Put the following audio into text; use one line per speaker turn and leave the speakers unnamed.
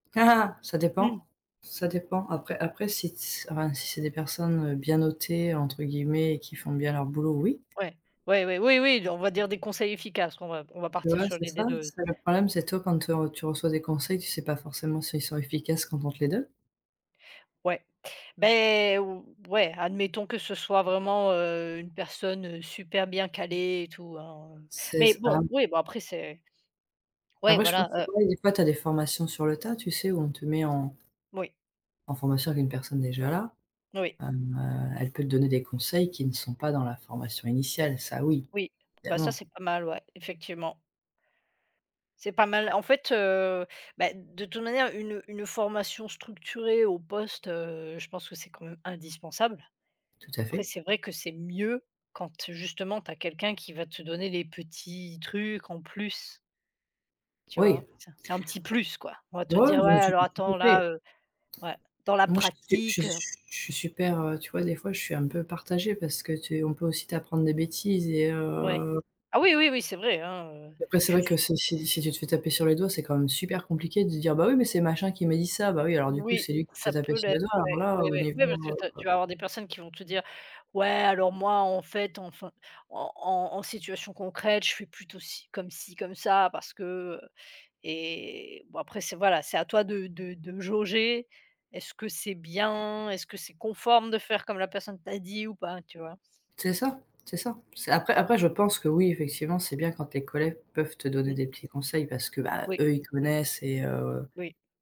Ca
Mmh.
dépend ça dépend après, après si ts enfin si c'est des personnes, heu, «bien notées», entre guillemets, qui font bien leur boulot, oui.
Ouais, ouais, ouais, oui, oui, on va dire, des conseils efficaces qu'on va on va
Tu
partir
vois,
sur
c'est ça,
l'idée de
c'est le problème, c'est toi quand tu reçois des conseils, tu sais pas forcément s'ils sont efficaces quand on te les donne.
Ouais beh, o ouais, admettons que ce soit vraiment, heu, une personne, heu, super bien calée et tout, hein,
C'est
mais
c ah
bon, oui, bon, après, c'est ouais
Après, je pense
voilà,
c'est
heu
ouais, il y a des fois, tu as des formations sur le tas, tu sais, où on te met en
Moui.
en formation avec une personne déjà là,
Oui.
hem, heu, elle peut te donner des conseils qui ne sont pas dans la formation initiale, ça oui,
Oui, bah, ça,
évidemment.
c'est pas mal, ouais, effectivement. C'est pas mal, en fait, heu, bah, de toute manière une une formation structurée au poste, heu, je pense que c'est quand même indispensable.
Tout à
Après
fait.
c'est vrai que c'est mieux quand, justement, tu as quelqu'un qui va te donner les petits trucs en plus. Tu
Oui.
vois? C'est c'est un petit plus, quoi, on va te
Oh
dire:
oui, non
«Ouais
mais tout
alors,
tout à
attends
fait.
là, heu, ouais, dans la
Moi, je s je
pratique, heu»
je suis super, heu tu vois, des fois, je suis un peu partagée parce que tu on peut aussi t'apprendre des bêtises et
Ouais.
heu
Ah oui, oui, oui, c'est vrai, hein, heu.
et après, c'est
Tu
vrai
s
que si si si tu te fais taper sur les doigts, c'est quand même super compliqué de dire: «Bah oui, mais c'est machin qui m'a dit ça», bah oui, alors du coup,
Oui,
c'est lui qui se fait
ça
taper
peut
sur
l'être,
le doigt alors
ouais,
là,
ouais,
au
ouais, ouais, parce que
niveau,
tu as
heu
tu vas avoir des personnes qui vont te dire: «Ouais, alors, moi en fait, enfin, en en en situation concrète, je fais plutôt c comme ci, comme ça parce que, heu» et bon, après, c'est voilà, c'est à toi de de de jauger, est-ce que c'est bien? Est-ce que c'est conforme de faire comme la personne t'a dit ou pas, tu vois?
C'est ça, c'est ça. C'est après après, je pense que oui effectivement, c'est bien quand tes collègues peuvent te donner
Mmh.
des petits conseils parce que, bah,
Oui.
eux, ils connaissent et heu
Oui.